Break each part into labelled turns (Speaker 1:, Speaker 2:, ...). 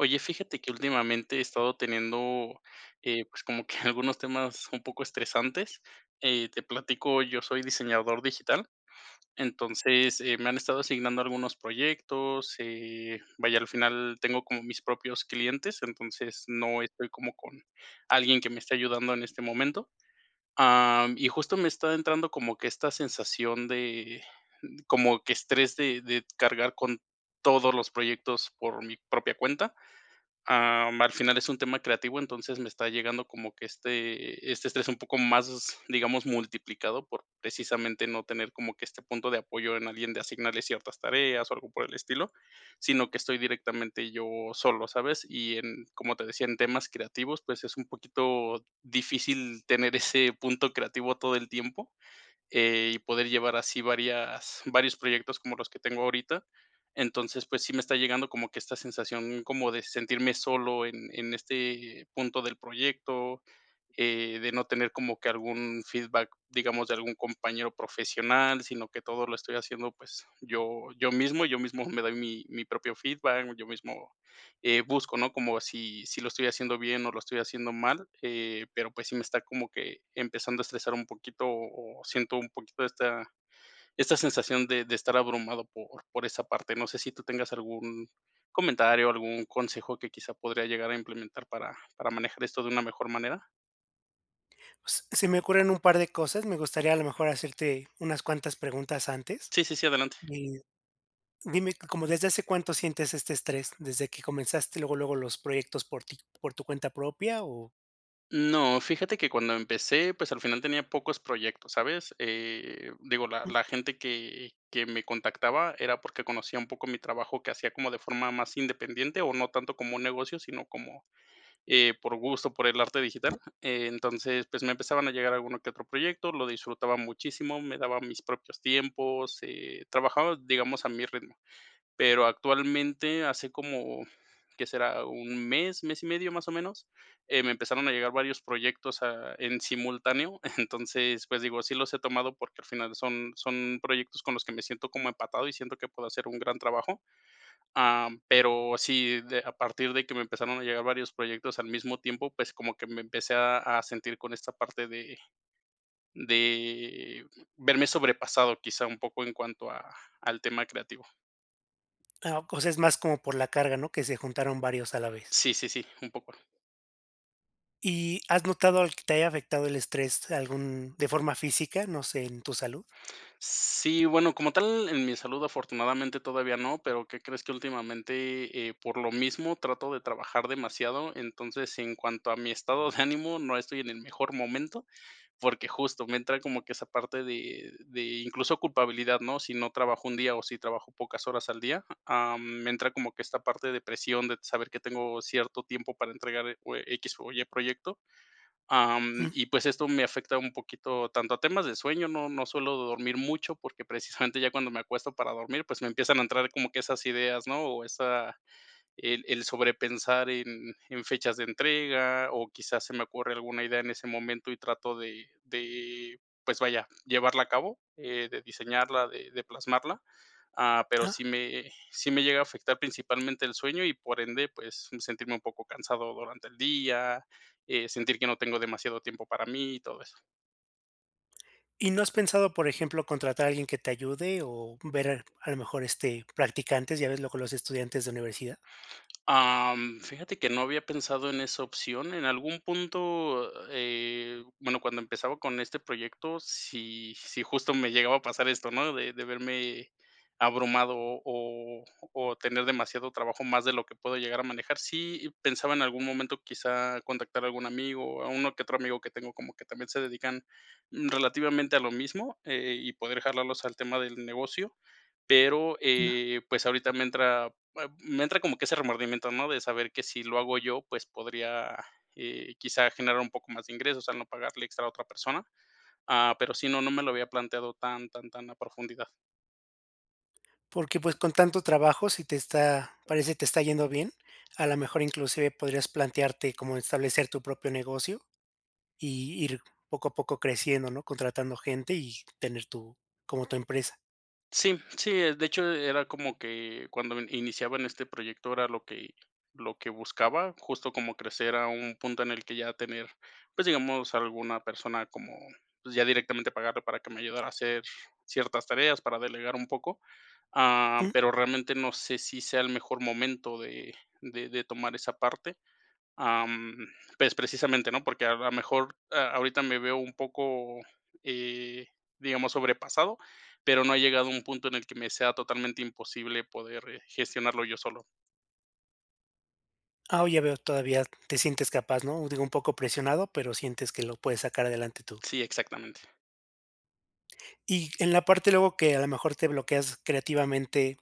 Speaker 1: Oye, fíjate que últimamente he estado teniendo, eh, pues, como que algunos temas un poco estresantes, eh, te platico, yo soy diseñador digital, entonces, eh, me han estado asignando algunos proyectos, eh, vaya, al final tengo como mis propios clientes, entonces, no estoy como con alguien que me esté ayudando en este momento, am, y justo me está entrando como que esta sensación de como que estrés de de cargar con todos los proyectos por mi propia cuenta, am, al final es un tema creativo. Entonces, me está llegando como que este este, estrés es un poco más, digamos, multiplicado por precisamente no tener como que este punto de apoyo en alguien, de asignarle ciertas tareas o algo por el estilo, sino que estoy directamente yo solo, ¿sabes? Y, en, como te decía, en temas creativos, pues, es un poquito difícil tener ese punto creativo todo el tiempo, eh, y poder llevar así varias varios proyectos como los que tengo ahorita. Entonces, pues sí, me está llegando como que esta sensación como de sentirme solo en en este punto del proyecto, eh, de no tener como que algún feedback, digamos, de algún compañero profesional, sino que todo lo estoy haciendo, pues, yo yo mismo y yo mismo me doy mi mi propio feedback, yo mismo, eh, busco, ¿no?, como si si lo estoy haciendo bien o lo estoy haciendo mal, eh, pero, pues, sí me está como que empezando a estresar un poquito o siento un poquito esta esta sensación de de estar abrumado por por esa parte, ¿no sé si tú tengas algún comentario o algún consejo que quizá podría llegar a implementar para para manejar esto de una mejor manera?
Speaker 2: S se me ocurren un par de cosas, me gustaría a lo mejor hacerte unas cuantas preguntas antes,
Speaker 1: Sí, sí, sí, adelante.
Speaker 2: y dime, ¿desde hace cuánto sientes este estrés? Desde que comenzaste, luego, luego los proyectos por ti, por tu cuenta propia o
Speaker 1: No. Fíjate que cuando empecé, pues al final tenía pocos proyectos, ¿sabes? Eh, digo, la
Speaker 2: Mm.
Speaker 1: la gente que que me contactaba, era porque conocía un poco mi trabajo, que hacía como de forma más independiente, o no tanto como negocio, sino como eh, por gusto, por el arte digital. Entonces, pues me empezaban a llegar a alguno que otro proyecto, lo disfrutaba muchísimo, me daba mis propios tiempos, eh, trabajaba, digamos, a mi ritmo. Pero actualmente hace como, ¿qué será?, un mes, mes y medio más o menos, eh, me empezaron a llegar varios proyectos, ah, en simultáneo. Entonces, pues digo, sí los he tomado porque al final son son proyectos con los que me siento como empatado y siento que puedo hacer un gran trabajo. Am, pero sí a partir de que me empezaron a llegar varios proyectos al mismo tiempo, pues como que me empecé a a sentir con esta parte de de verme sobrepasado, quizá un poco en cuanto a al tema creativo.
Speaker 2: Ah, c o sea, es más como por la carga, ¿no?, que se juntaron varios a la vez.
Speaker 1: Sí, sí, sí, un poco.
Speaker 2: ¿Y has notado algo que te haya afectado el estrés algún de forma física? No sé en tu salud.
Speaker 1: Sí, bueno, como tal en mi salud, afortunadamente todavía no, pero ¿qué crees?, que últimamente, eh, por lo mismo trato de trabajar demasiado. Entonces, en cuanto a mi estado de ánimo, no estoy en el mejor momento porque justo me entra como que esa parte de de incluso culpabilidad, ¿no?, si no trabajo un día o si trabajo pocas horas al día, ah, mm, me entra como que esta parte de presión de saber que tengo cierto tiempo para entregar e cue equis o ye proyecto, am,
Speaker 2: Ujú.
Speaker 1: y pues esto me afecta un poquito, tanto a temas de sueño, no no suelo dormir mucho porque precisamente ya cuando me acuesto para dormir, pues me empiezan a entrar como que esas ideas, ¿no?, o esa el el sobrepensar en en fechas de entrega, o quizás se me ocurre alguna idea en ese momento y trato de de, pues vaya, llevarla a cabo, eh, de diseñarla, de de plasmarla, ah, pero sí
Speaker 2: Ajá.
Speaker 1: me eh, sí me llega a afectar principalmente el sueño y, por ende, pues, mm, sentirme un poco cansado durante el día, eh, sentir que no tengo demasiado tiempo para mí y todo eso.
Speaker 2: ¿Y no has pensado, por ejemplo, contratar a alguien que te ayude, o ver, a lo mejor este, practicantes? Ya ves luego los estudiantes de universidad.
Speaker 1: Am, fíjate que no había pensado en esa opción. En algún punto, eh bueno, cuando empezaba con este proyecto, sí sí, justo me llegaba a pasar esto, ¿no?, de de verme abrumado o o tener demasiado trabajo, más de lo que puedo llegar a manejar. Sí, pensaba en algún momento, quizá contactar a algún amigo, o a uno que otro amigo que tengo, como que también se dedican, mm, relativamente a lo mismo, eh, y poder jalarlos al tema del negocio. Pero, eh, pues ahorita me entra, bue me entra como que ese remordimiento, ¿no?, de saber que si lo hago yo, pues podría, eh, quizá generar un poco más de ingresos, o sea no pagarle extra a otra persona, ah, pero sí, no no me lo había planteado tan tan tan a profundidad.
Speaker 2: Porque pues con tanto trabajo, si te está parece te está yendo bien, a la mejor inclusive, podrías plantearte como establecer tu propio negocio, y ir poco a poco creciendo, ¿no?, contratando gente, y tener tu como tu empresa.
Speaker 1: Sí, mm, sí, eh, de hecho, era como que cuando iniciaba en este proyecto era lo que lo que buscaba, justo como crecer a un punto en el que ya tener, pues, digamos, alguna persona como, pues, ya directamente pagarle para que me ayudara a hacer ciertas tareas, para delegar un poco, ah,
Speaker 2: Mm.
Speaker 1: pero, realmente no sé si sea el mejor momento de de de tomar esa parte, am, pues, precisamente, ¿no? Porque a lo mejor a ahorita me veo un poco, eh, digamos sobrepasado, pero no ha llegado a un punto en el que me sea totalmente imposible poder, eh, gestionarlo yo solo.
Speaker 2: Ah, oh, ya veo. Todavía te sientes capaz, ¿no? digo, un poco presionado, pero sientes que lo puedes sacar adelante tú.
Speaker 1: Sí, exactamente.
Speaker 2: Y en la parte luego, que a lo mejor te bloqueas creativamente,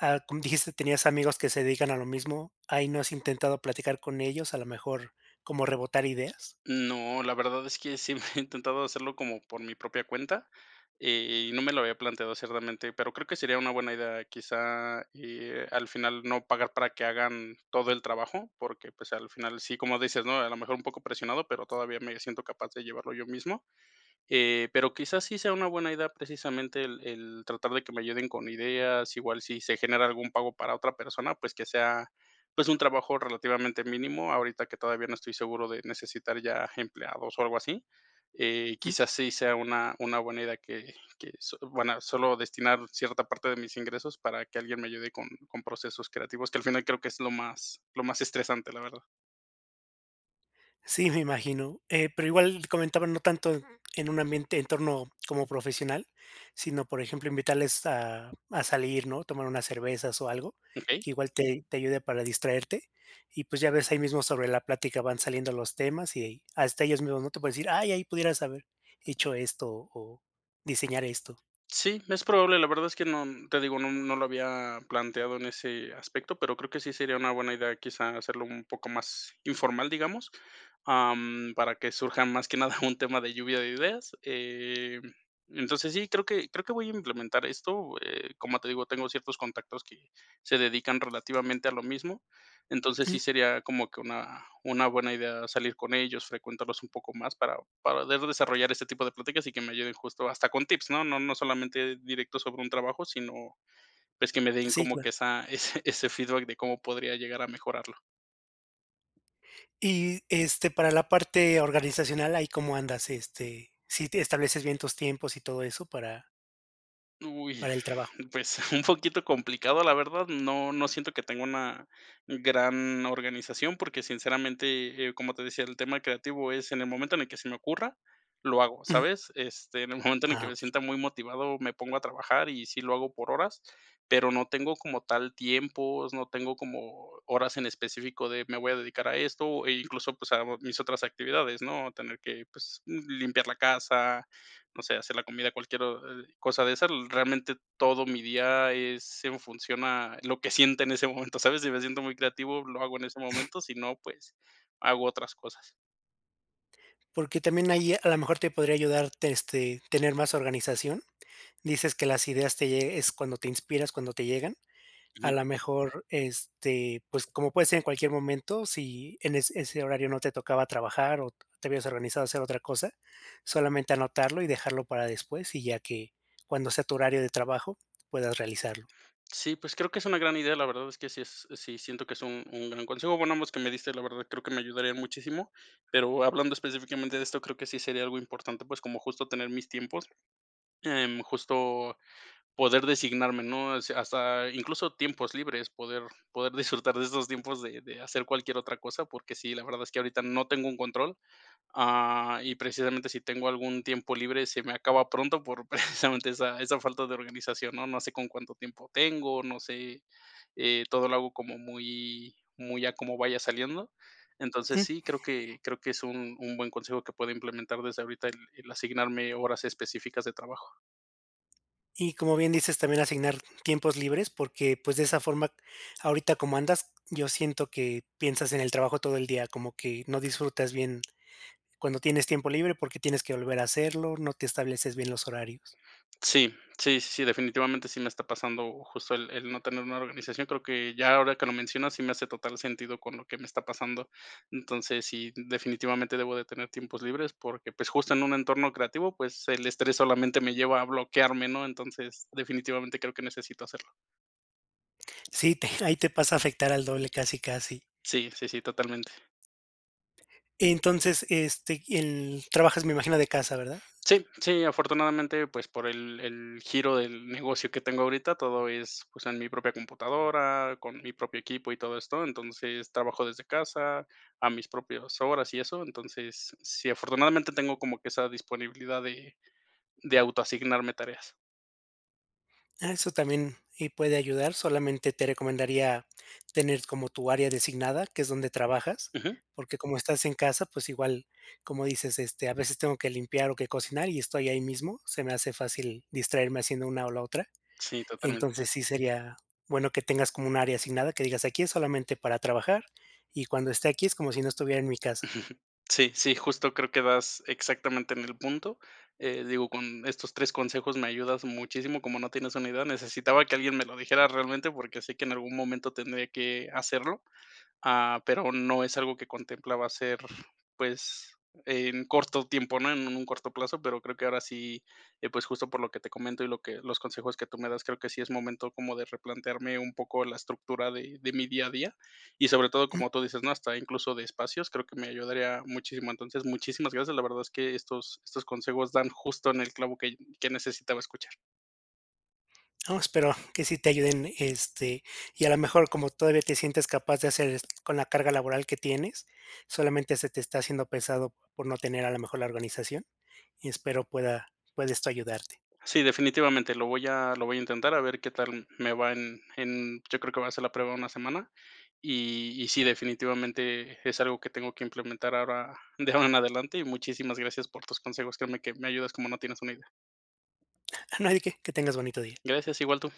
Speaker 2: ah, com dijiste, tenías amigos que se dedican a lo mismo, ahí ¿no has intentado platicar con ellos, a lo mejor, cómo rebotar ideas?
Speaker 1: No, la verdad es que sí, mm, he intentado hacerlo como por mi propia cuenta, e eh, y no me lo había planteado así, realmente, pero creo que sería una buena idea, quizá, eh, al final no pagar para que hagan todo el trabajo, porque, pues, al final, sí, como dices, ¿no?, a lo mejor un poco presionado, pero todavía me siento capaz de llevarlo yo mismo. Eh, pero, quizás sí sea una buena idea precisamente el el tratar de que me ayuden con ideas, igual si se genera algún pago para otra persona, pues, que sea, pues, un trabajo relativamente mínimo. Ahorita que todavía no estoy seguro de necesitar ya empleados o algo así, eh,
Speaker 2: Ujú.
Speaker 1: quizás sí sea una una buena idea que que so buena, solo destinar cierta parte de mis ingresos para que alguien me ayude con con procesos creativos, que al final creo que es lo más lo más estresante, la verdad.
Speaker 2: Sí, me imagino, eh, pero igual comentaba, no tanto en un ambiente en torno como profesional, sino, por ejemplo, invitarles a a salir, ¿no? Tomar unas cervezas o algo
Speaker 1: Okey.
Speaker 2: que igual te te ayude para distraerte y, pues ya ves, ahí mismo sobre la plática van saliendo los temas y ahí hasta ellos mismos, ¿no?, te pueden decir: "Ay, ahí pudieras haber hecho esto o diseñar esto".
Speaker 1: Sí, es probable, la verdad es que no, mm, te digo, no, mm, no lo había planteado en ese aspecto, pero creo que sí sería una buena idea, quizás hacerlo un poco más informal, digamos, am, para que surjan más que nada un tema de lluvia de ideas. Em, entonces sí, creo que creo que voy a implementar esto, eh, como te digo, tengo ciertos contactos que se dedican relativamente a lo mismo. Entonces
Speaker 2: Uh.
Speaker 1: sí sería como que una una buena idea salir con ellos, frecuentarlos un poco más para para de desarrollar este tipo de pláticas y que me ayuden justo hasta con tips, ¿no? No, no solamente directo sobre un trabajo, sino pues que me den
Speaker 2: Sí,
Speaker 1: como
Speaker 2: claro.
Speaker 1: que esa ese ese feedback de cómo podría llegar a mejorarlo.
Speaker 2: Y, este, para la parte organizacional, ahí cómo andas, este, si ti estableces bien tus tiempos y todo eso para
Speaker 1: Uy,
Speaker 2: Para el trabajo.
Speaker 1: pues, un poquito complicado, la verdad, no no siento que tengo una gran organización porque, sinceramente, eh, como te decía, el tema creativo es en el momento en el que se me ocurra, lo hago,
Speaker 2: Mm.
Speaker 1: ¿sabes? Este, en el momento en el que
Speaker 2: Ah,
Speaker 1: me
Speaker 2: okey.
Speaker 1: sienta muy motivado, me pongo a trabajar y sí lo hago por horas, pero no tengo como tal tiempos, no tengo como horas en específico de me voy a dedicar a esto, e incluso, pues, hago a mis otras actividades, ¿no? A tener que, pues, m limpiar la casa. No sé, hacer la comida, cualquier o, eh, cosa de esas, realmente todo mi día es en función a lo que sienta en ese momento, ¿sabes? Si me siento muy creativo, lo hago en ese momento, si no, pues, hago otras cosas.
Speaker 2: Porque también ahí a lo mejor te podría ayudar, te este, tener más organización. Dices que las ideas te lle es cuando te inspiras, cuando te llegan, a
Speaker 1: Ujú.
Speaker 2: lo mejor, este, pues, como puede ser en cualquier momento, si en es ese horario no te tocaba trabajar o te hubieras organizado hacer otra cosa, solamente anotarlo y dejarlo para después y ya que cuando sea tu horario de trabajo, puedas realizarlo.
Speaker 1: Sí, pues, creo que es una gran idea, la verdad es que sí es sí siento que es un un gran consejo. Bueno, ambos que me diste la verdad, creo que me ayudaría muchísimo, pero hablando específicamente de esto, creo que sí sería algo importante, pues, como justo tener mis tiempos, em, justo poder designarme, ¿no? O sea, hasta incluso tiempos libres poder poder disfrutar de estos tiempos de de hacer cualquier otra cosa, porque sí, la verdad es que ahorita no tengo un control. Ah, y precisamente si tengo algún tiempo libre, se me acaba pronto por precisamente esa esa falta de organización. No, no sé con cuánto tiempo tengo. No sé, eh, todo lo hago como muy muy a como vaya saliendo. Entonces
Speaker 2: Mm.
Speaker 1: sí, creo que creo que es un un buen consejo que pueda implementar desde ahorita el el asignarme horas específicas de trabajo.
Speaker 2: Y, como bien dices, también asignar tiempos libres, porque pues, de esa forma, ahorita como andas, yo siento que piensas en el trabajo todo el día, como que no disfrutas bien cuando tienes tiempo libre, porque tienes que volver a hacerlo. No te estableces bien los horarios.
Speaker 1: Sí, sí, sí, sí, definitivamente, sí me está pasando, justo el el no tener una organización. Creo que ya ahora que lo mencionas, sí me hace total sentido con lo que me está pasando. Entonces sí, definitivamente debo de tener tiempos libres, porque pues, justo en un entorno creativo, pues el estrés solamente me lleva a bloquearme, ¿no? Entonces, definitivamente creo que necesito hacerlo.
Speaker 2: Sí, te ahí te pasa a afectar al doble casi, casi.
Speaker 1: Sí, sí, sí, totalmente.
Speaker 2: Entonces, este, y el Trabajas, me imagino, de casa, ¿verdad?
Speaker 1: Sí, sí, afortunadamente, pues por el el giro del negocio que tengo ahorita, todo es pues, en mi propia computadora, con mi propio equipo y todo esto. Entonces, trabajo desde casa, a mis propias horas y eso. Entonces, sí, afortunadamente tengo como que esa disponibilidad de de autoasignarme tareas.
Speaker 2: Ah, eso también, y puede ayudar. Solamente te recomendaría tener como tu área designada, que es donde trabajas,
Speaker 1: Ujú.
Speaker 2: porque como estás en casa, pues igual como dices, este: "A veces tengo que limpiar o que cocinar y estoy ahí mismo, se me hace fácil distraerme haciendo una o la otra".
Speaker 1: Sí, totalmente.
Speaker 2: Entonces, sí sería bueno que tengas como un área asignada, que digas: "Aquí es solamente para trabajar y cuando esté aquí es como si no estuviera en mi casa".
Speaker 1: Sí, sí, justo creo que das exactamente en el punto. Eh, digo, con estos 3 consejos me ayudas muchísimo, como no tienes una idea, necesitaba que alguien me lo dijera realmente porque sé que en algún momento tendría que hacerlo, ah, pero no es algo que contemplaba hacer, pues en corto tiempo, ¿no?, en un corto plazo, pero creo que ahora sí, eh, pues justo por lo que te comento y lo que los consejos que tú me das, creo que sí es momento como de replantearme un poco la estructura de de mi día a día y sobre todo, como tú dices, ¿no?, hasta incluso de espacios, creo que me ayudaría muchísimo. Entonces, muchísimas gracias. La verdad es que estos estos consejos dan justo en el clavo que que necesitaba escuchar.
Speaker 2: No, espero que sí te ayuden, este y a la mejor, como todavía te sientes capaz de hacer es con la carga laboral que tienes, solamente se te está haciendo pesado por no tener a la mejor la organización, y espero pueda pueda esto ayudarte.
Speaker 1: Sí, definitivamente, lo voy a lo voy a intentar a ver qué tal me va en en yo creo que va a hacer la prueba una semana, y y sí, definitivamente es algo que tengo que implementar ahora de ahora en adelante y muchísimas gracias por tus consejos, créeme que me ayudas como no tienes una idea.
Speaker 2: No hay de qué. Que tengas bonito día.
Speaker 1: Gracias, igual tú.